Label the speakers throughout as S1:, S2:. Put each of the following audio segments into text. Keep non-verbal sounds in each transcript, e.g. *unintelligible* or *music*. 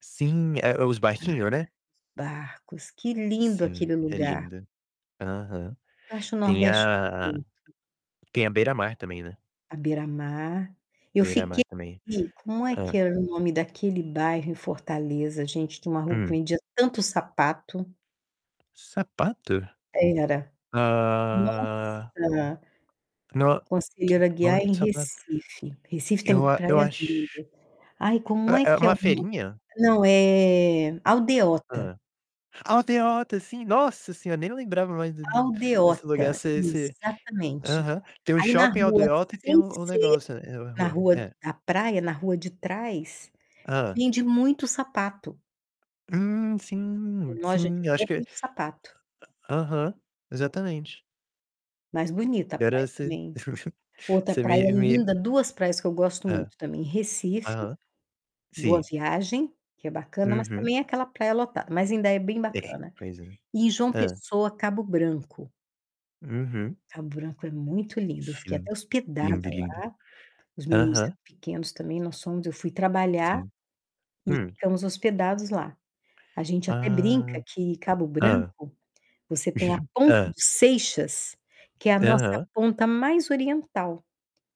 S1: Sim, é os barquinho, né?
S2: *unintelligible* barcos, que lindo
S1: Sim,
S2: aquele
S1: é
S2: lugar.
S1: lindo. Aham.
S2: Eu acho o
S1: Tem
S2: Nordeste
S1: a a
S2: muito bonito.
S1: tem a Beira-Mar também, né.
S2: À beira-mar. Eu fiquei
S1: Beira-Mar também.
S2: como é que
S1: Hã.
S2: era o nome daquele bairro em Fortaleza, gente, que uma rua que
S1: Hum.
S2: vendia tanto sapato.
S1: Sapato?
S2: Era.
S1: Ah.
S2: Nossa!
S1: N
S2: Conselheiro
S1: não
S2: Aguiar
S1: lembro
S2: em
S1: de sapa
S2: Recife. Recife tem
S1: Eu a eu
S2: praias
S1: acho
S2: lindas. Ai, como é
S1: É é
S2: que é
S1: uma
S2: o nome?
S1: feirinha?
S2: Não, eh, Aldeota.
S1: Hã. Aldeota, sim, nossa senhora, nem lembrava mais do do desse lugar.
S2: Aldeota,
S1: Esse esse
S2: exatamente.
S1: aham. Tem o
S2: Aí na
S1: shopping
S2: rua,
S1: Aldeota e tem
S2: sem
S1: o o
S2: ser
S1: negócio, eh-eh,
S2: na
S1: rua.
S2: rua
S1: É.
S2: da praia, na rua de trás,
S1: Hã.
S2: vende muito sapato.
S1: Hum, sim,
S2: Tem loja
S1: sim.
S2: de
S1: Eu acho
S2: roupa
S1: que
S2: e de sapato.
S1: a aham, exatamente.
S2: Mas bonita a
S1: Agora
S2: praia
S1: você
S2: também.
S1: *chuckles*
S2: Outra
S1: você
S2: praia
S1: me me
S2: linda, 2 praias que eu gosto
S1: Hã.
S2: muito também: Recife,
S1: Aham.
S2: Boa
S1: Sim.
S2: Viagem, que é bacana, mas
S1: Uhum.
S2: também é aquela praia lotada, mas ainda é bem
S1: É,
S2: bacana.
S1: pois é.
S2: E João
S1: Hã.
S2: Pessoa, Cabo Branco.
S1: Uhum.
S2: Cabo Branco é muito lindo, eu fiquei
S1: Sim,
S2: até hospedada
S1: lindo,
S2: lá,
S1: lindo.
S2: os meninos eram
S1: Aham.
S2: pequenos também. Nós fomos, eu fui trabalhar
S1: Sim.
S2: e
S1: Hum.
S2: ficamos hospedados lá. A gente até brinca
S1: Ah.
S2: que Cabo
S1: Hã.
S2: Branco, você tem a
S1: *chuckles*
S2: Ponta do
S1: Hã.
S2: Seixas, que é a nossa
S1: Aham.
S2: ponta mais oriental.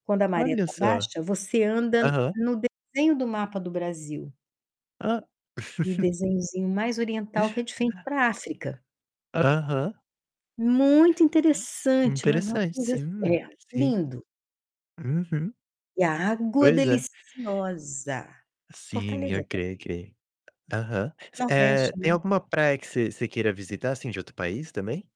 S2: Quando a maré
S1: Olha
S2: tá
S1: só.
S2: baixa, você anda
S1: Aham.
S2: no desenho do mapa do Brasil.
S1: Ah.
S2: E o
S1: *chuckles*
S2: desenhozinho mais oriental que é de frente pra África.
S1: Aham.
S2: Muito interessante, mas uma
S1: Interessante,
S2: coisa assim
S1: sim,
S2: É,
S1: sim.
S2: lindo.
S1: Uhum.
S2: E a água
S1: Pois é.
S2: deliciosa.
S1: Sim,
S2: Fortaleza também.
S1: ok, ok. Aham. Você
S2: Nordeste
S1: eh,
S2: é
S1: tem
S2: lindo.
S1: alguma praia que você você queira visitar, assim, de outro país também?